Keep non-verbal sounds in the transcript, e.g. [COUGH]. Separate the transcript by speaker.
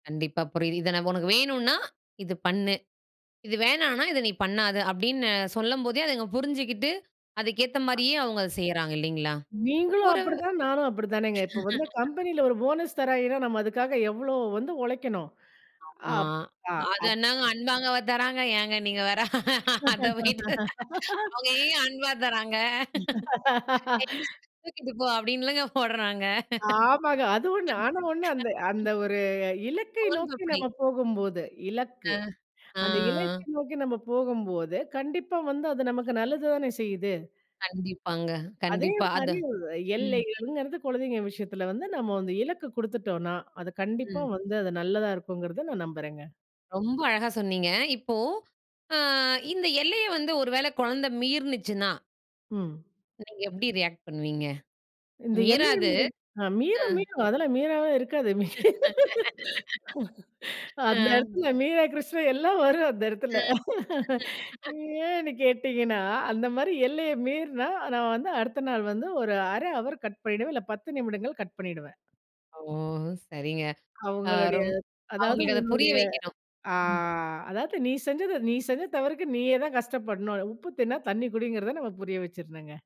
Speaker 1: கண்டிப்பா புரியிது. இதை நான் உனக்கு வேணுனா இது பண்ணு, இது வேணானா இதை நீ பண்ணாத அப்படின்னு சொல்லும்போதே அதங்க புரிஞ்சுக்கிட்டு, அதுக்குகேத்த மாரியே அவங்க அத செய்கிறாங்க இல்லைங்களா,
Speaker 2: நீங்களும்
Speaker 1: ஒரு
Speaker 2: அப்படித்தான், நானும் அப்படி தானேங்க. இப்போ வந்து
Speaker 1: [LAUGHS]
Speaker 2: கம்பெனில ஒரு போனஸ் தராய்ங்கனா நம்ம அதற்காக எவ்வளவு வந்து உழைக்கணும்.
Speaker 1: ஆமா,
Speaker 2: அப் பா
Speaker 1: அது
Speaker 2: அப்
Speaker 1: என்னங்க அன்பாகவா தராங்க ஏங்க நீங்க வேற, அத போயிட்டு. அவங்க எங்கேங்க
Speaker 2: [LAUGHS]
Speaker 1: அன்பா தராங்க என்ன
Speaker 2: [LAUGHS]
Speaker 1: தூக்கிட்டு போ அப்படின்னு இல்லைங்க போட்றாங்க.
Speaker 2: ஆமாங்க, அதுவம் நாங்க ஒண்ண இருந்து அந்த ஒரு இலக்கை நோக்கி
Speaker 1: சோன்பப்டி.
Speaker 2: நம்ம போகும்போது,
Speaker 1: ஆ,
Speaker 2: இலக்கு. அந்த
Speaker 1: ஆ.
Speaker 2: இலக்கை நோக்கி நம்ம போகும்போது கண்டிப்பா வந்து அது நமக்கு நல்லது தானே செய்யுது.
Speaker 1: கண்டிப்பாங்க,
Speaker 2: அதே
Speaker 1: கண்டிப்பா அத
Speaker 2: மாரி
Speaker 1: ம்.
Speaker 2: எல்லைகள்ங்கிறது குழந்தைங்க விஷயத்தில வந்து நம்ம வந்து இலக்கு கொடுத்துட்டோனா அது கண்டிப்பா
Speaker 1: ம்.
Speaker 2: வந்து அது நல்லதா இருக்குங்கிறத நான் நம்புறேங்க.
Speaker 1: ரொம்ப அழகா சொன்னீங்க. இப்போ ஆ, இந்த எல்லைய வந்து ஒரு வேளை குழந்த மிறுனுச்சினா
Speaker 2: ம்.
Speaker 1: நீங்க எப்படி ரியாக்ட் பண்ணுவீங்க?
Speaker 2: இந்த எல்லை என்பது
Speaker 1: மீறாது,
Speaker 2: அ
Speaker 1: அ.
Speaker 2: மீறும் மீறும் அதெல்லாம் மீறாம இருக்காது, மீறும். [LAUGHS]
Speaker 1: [LAUGHS] ஆ.
Speaker 2: அந்த இடத்தில மீரா கிருஷ்ணண் எல்லாம் வரும் அந்த இடத்தில.
Speaker 1: அ.
Speaker 2: [CHUCKLES]
Speaker 1: [LAUGHS]
Speaker 2: ஏன்னு கேட்டீங்கன்னா, அந்த மாரி எல்லைய மீறினா நான் வந்து அடுத்த நாள் வந்து ஒரு 1/2 ஹவர் கட் பண்ணிடுவேன் இல்ல 10 நிமிடங்கள் கட் பண்ணிடுவேன்.
Speaker 1: ஓ! சரிங்க அ
Speaker 2: அவங்களுடைய
Speaker 1: ரொம்
Speaker 2: அதாவது
Speaker 1: அவங்களுக்கு அத புரிய
Speaker 2: உன்னுடைய
Speaker 1: வைக்கணும்
Speaker 2: ஆ
Speaker 1: ம்.
Speaker 2: அதாவது "நீ செஞ்சது, நீ செஞ்ச தவறுக்கு, நீயே தான் கஷ்டப்படணும்." உப்பு தின்னா தண்ணி குடிங்கிறத நம்ம புரிய வச்சுரணும்ங்க.